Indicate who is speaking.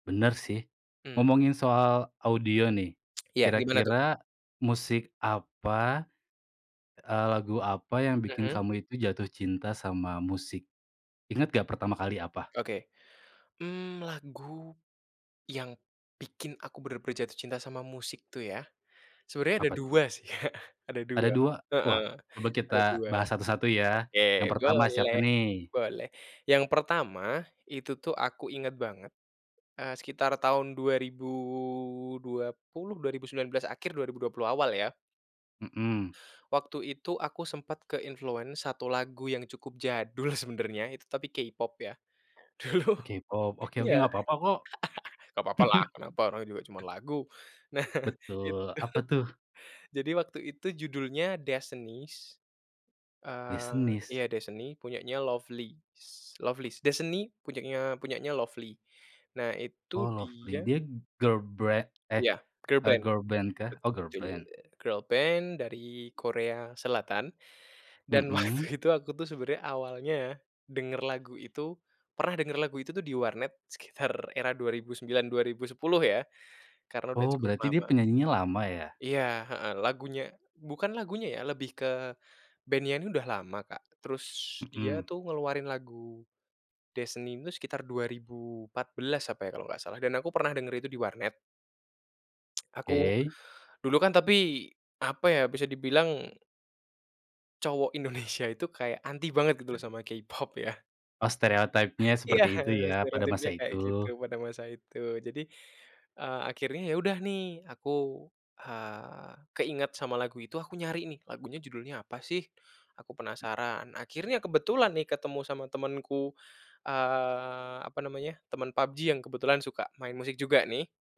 Speaker 1: Bener, sih.
Speaker 2: Hmm.
Speaker 1: Ngomongin soal audio nih,
Speaker 2: Iya, gimana, tuh?
Speaker 1: kira-kira musik apa, eee, lagu apa yang bikin
Speaker 2: Mhm.
Speaker 1: kamu itu jatuh cinta sama musik? Ingat nggak pertama kali apa?
Speaker 2: Oke. Mmm, lagu yang bikin aku benar-benar jatuh cinta sama musik tuh, ya? Sebenarnya ada
Speaker 1: Apa, tuh?
Speaker 2: 2, sih, Kak, ada
Speaker 1: Ada
Speaker 2: 2.
Speaker 1: 2? Wah,
Speaker 2: Heeh,
Speaker 1: coba kita
Speaker 2: ada 2.
Speaker 1: bahas satu-satu, ya.
Speaker 2: Oke,
Speaker 1: Yang pertama siapa
Speaker 2: boleh
Speaker 1: nih?
Speaker 2: boleh. Yang pertama, itu tuh aku inget banget, eee, sekitar tahun 2020, 2019 akhir, 2020 awal, ya.
Speaker 1: Mhm.
Speaker 2: Waktu itu aku sempat ke-influence, satu lagu yang cukup jadul sebenarnya, itu tapi K-pop, ya. Dulu
Speaker 1: Oh, K-pop? Oke oke,
Speaker 2: iya.
Speaker 1: nggak apa-apa, kok.
Speaker 2: Nggak apa-apa lah, kenapa, orang juga cuman lagu. Nah, itu
Speaker 1: Betul. Apa, tuh?
Speaker 2: jadi waktu itu judulnya "Destinies." Eee,
Speaker 1: Destinies?
Speaker 2: iya "Destiny," punyanya Lovelyz Lovelyz. "Destiny" punyanya punyanya Lovelyz. Nah, itu
Speaker 1: Oh, Lovely.
Speaker 2: dia
Speaker 1: Dia girlbre eh,
Speaker 2: Iya,
Speaker 1: eee,
Speaker 2: girlband.
Speaker 1: girlband, kah? Oh,
Speaker 2: Betul,
Speaker 1: girlband.
Speaker 2: girlband dari Korea Selatan, dan waktu
Speaker 1: Mhm.
Speaker 2: itu aku tuh sebenarnya awalnya denger lagu itu pernah denger lagu itu tuh di warnet, sekitar era 2009, 2010, ya, karena udah
Speaker 1: Oh,
Speaker 2: cukup
Speaker 1: berarti dia
Speaker 2: lama.
Speaker 1: penyanyinya lama, ya?
Speaker 2: Iya, heeh, lagunya bukan lagunya, ya, lebih ke band-nya ini udah lama, Kak, terus dia
Speaker 1: Mhm.
Speaker 2: tuh ngeluarin lagu Destiny ini tuh sekitar 2014 apa ya kalau nggak salah, dan aku pernah denger itu di warnet. Aku
Speaker 1: Oke.
Speaker 2: dulu kan tapi, apa ya bisa dibilang cowok Indonesia itu kayak anti banget gitu loh, sama K-pop, ya.
Speaker 1: Oh, stereotype-nya
Speaker 2: Iya,
Speaker 1: seperti itu, ya, pada
Speaker 2: stereotipnya
Speaker 1: masa
Speaker 2: kayak
Speaker 1: itu.
Speaker 2: gitu, pada masa itu. Jadi, eee, akhirnya ya udah nih aku, eee, keinget sama lagu itu, aku nyari nih lagunya judulnya apa sih, aku penasaran, akhirnya kebetulan nih ketemu sama temenku, eee, apa namanya, temen PUBG yang kebetulan suka main musik juga, nih.